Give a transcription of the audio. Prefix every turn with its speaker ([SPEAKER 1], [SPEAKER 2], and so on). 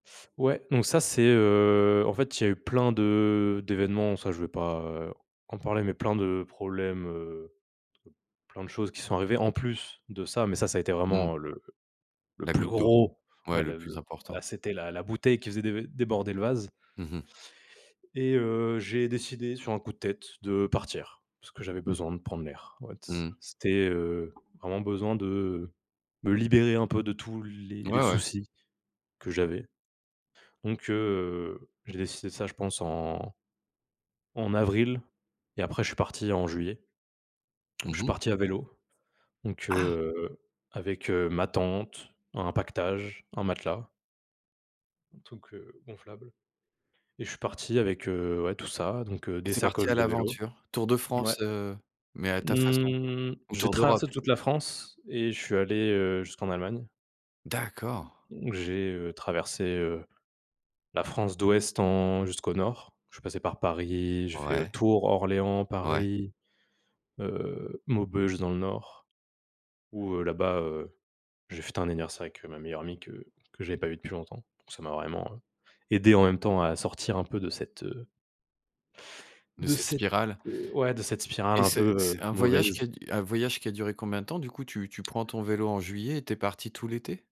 [SPEAKER 1] Ouais donc ça c'est, heu, en fait il y a eu plein de d'événements, ça je vais pas en parler, mais plein de problèmes, heu, trop plein de choses qui sont arrivées en plus de ça mais ça, ça a été
[SPEAKER 2] Mmh.
[SPEAKER 1] vraiment le le
[SPEAKER 2] La
[SPEAKER 1] plus
[SPEAKER 2] goutte d'eau.
[SPEAKER 1] gros
[SPEAKER 2] Ouais,
[SPEAKER 1] ouais
[SPEAKER 2] le
[SPEAKER 1] le
[SPEAKER 2] plus
[SPEAKER 1] le, voilà
[SPEAKER 2] important.
[SPEAKER 1] c'était la la bouteille qui faisait dé déborder le vase.
[SPEAKER 2] Mmh mh.
[SPEAKER 1] Et heu, j'ai décidé sur un coup de tête de partir parce que j'avais besoin de prendre l'air. Ouais, c
[SPEAKER 2] Mmh.
[SPEAKER 1] c'était, heu, vraiment besoin de me libérer un peu de tous les
[SPEAKER 2] Ouais, ouais.
[SPEAKER 1] soucis que j'avais donc heu, j'ai décidé ça je pense en en avril et après je suis parti en juillet. Je
[SPEAKER 2] Mmh
[SPEAKER 1] suis
[SPEAKER 2] mh.
[SPEAKER 1] parti à vélo, donc
[SPEAKER 2] Ah!
[SPEAKER 1] heu, avec, heu, ma tente, un paquetage, un matelas un truc, heu, gonflable et je suis parti avec, heu, ouais, tout ça, donc
[SPEAKER 2] Et
[SPEAKER 1] des
[SPEAKER 2] tu es parti à
[SPEAKER 1] sacoches de vélo
[SPEAKER 2] l'aventure, tour de
[SPEAKER 1] ouais.
[SPEAKER 2] France, heu, mais à ta façon
[SPEAKER 1] Mmh.
[SPEAKER 2] ou
[SPEAKER 1] J'ai
[SPEAKER 2] tour d'Europe.
[SPEAKER 1] traversé toute la France et je suis allé, heu, jusqu'en Allemagne
[SPEAKER 2] D'accord.
[SPEAKER 1] j'ai, heu, traversé, heu, la France d'Ouest en jusqu'au Nord. Je suis passé par Paris. J'ai fait
[SPEAKER 2] Ouais.
[SPEAKER 1] Tours, Orléans,
[SPEAKER 2] Ouais.
[SPEAKER 1] Paris, heu, Maubeuge dans le Nord où, heu, là-bas, heu, j'ai fêté un anniversaire avec ma meilleure amie que que j'avais pas vu depuis longtemps, donc ça m'a vraiment aidé en même temps à sortir un peu de cette
[SPEAKER 2] De
[SPEAKER 1] de
[SPEAKER 2] cette
[SPEAKER 1] cette,
[SPEAKER 2] spirale.
[SPEAKER 1] heu, ouais de cette spirale
[SPEAKER 2] Et
[SPEAKER 1] un
[SPEAKER 2] c'est
[SPEAKER 1] peu,
[SPEAKER 2] c'est
[SPEAKER 1] heu,
[SPEAKER 2] un voyage qui
[SPEAKER 1] mauvaise.
[SPEAKER 2] a un voyage qui a duré combien de temps du coup? Tu tu prends ton vélo en juillet et tu es parti tout l'été?